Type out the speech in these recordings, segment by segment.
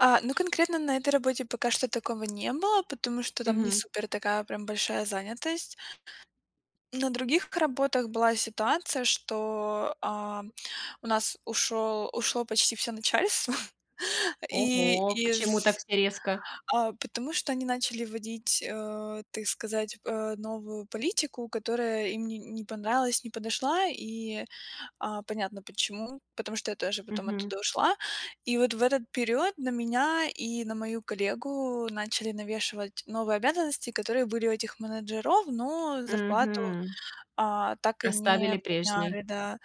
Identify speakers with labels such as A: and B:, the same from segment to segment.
A: Э, ну, конкретно на этой работе пока что такого не было, потому что там не
B: Мгм.
A: супер такая прям большая занятость. На других работах была ситуация, что, а, у нас ушёл ушло почти всё начальство. И
B: Ого, почему так
A: из
B: все резко?
A: А, потому что они начали вводить, э, ты сказать, новую политику, которая им не не понравилась, не подошла, и, а, понятно почему, потому что я тоже потом
B: Мгм.
A: оттуда ушла. И вот в этот период на меня и на мою коллегу начали навешивать новые обязанности, которые были у этих менеджеров, но зарплату,
B: Мгм.
A: а, так и не
B: Оставили прежней.
A: подняли, да.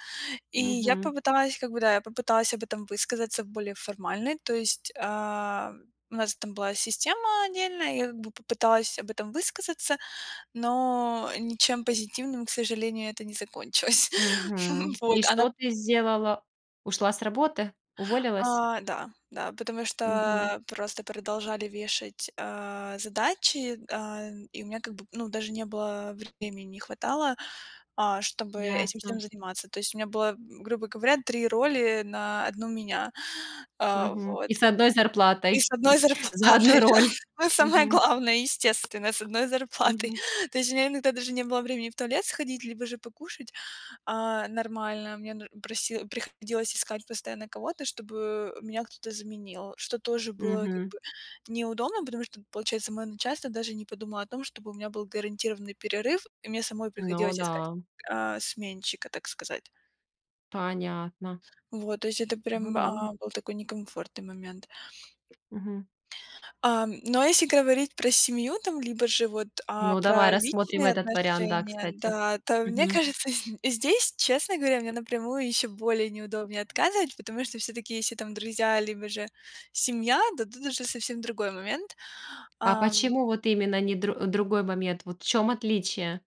A: И я
B: Мгм.
A: попыталась, как бы, да, я попыталась об этом высказаться более формальной. То есть, ам, у нас там была система отдельная, и я, как бы, попыталась об этом высказаться, но ничем позитивным, к сожалению, это не закончилось.
B: Мгм. И
A: Вот. А на
B: что ты сделала? Ушла с работы? Уволилась?
A: А, да, да. Потому что,
B: Мгм.
A: а, просто продолжали вешать, а, задачи, э, и у меня как бы, ну, даже не было времени, не хватало, а, чтобы этим всем
B: Ясно.
A: заниматься. То есть у меня было, м, грубо говоря, 3 роли на 1 меня. А,
B: Мгм.
A: вот.
B: И с 1
A: И
B: зарплатой
A: с 1
B: за
A: зарплатой,
B: 1 роль.
A: да. Самое
B: Мгм.
A: главное, естественно, с 1 зарплатой.
B: Мгм.
A: То есть у меня иногда даже не было времени в туалет сходить, либо же покушать, а, нормально. Мне, ну, проси приходилось искать постоянно кого-то, чтобы меня кто-то заменил, что тоже было как
B: Мгм.
A: бы неудобно, потому что, получается, моё начальство даже не подумало о том, чтобы у меня был гарантированный перерыв, и мне самой
B: Ну
A: приходилось искать,
B: да.
A: а, сменщика, так сказать.
B: Понятно.
A: Вот, то есть это
B: Ну
A: прям,
B: да.
A: а, был такой некомфортный момент.
B: Мгм.
A: Ам, но, а если говорить про семью, там, либо же вот, а,
B: Ну, давай
A: про
B: рассмотрим
A: личные
B: этот вариант, да,
A: отношения,
B: кстати.
A: да, то мне
B: Мгм.
A: кажется, зд здесь, честно говоря, мне напрямую ещё более неудобнее отказывать, потому что всё-таки, если там друзья либо же семья, то тут уже совсем другой момент,
B: А
A: ам.
B: почему вот именно не дру другой момент? Вот в чём отличие?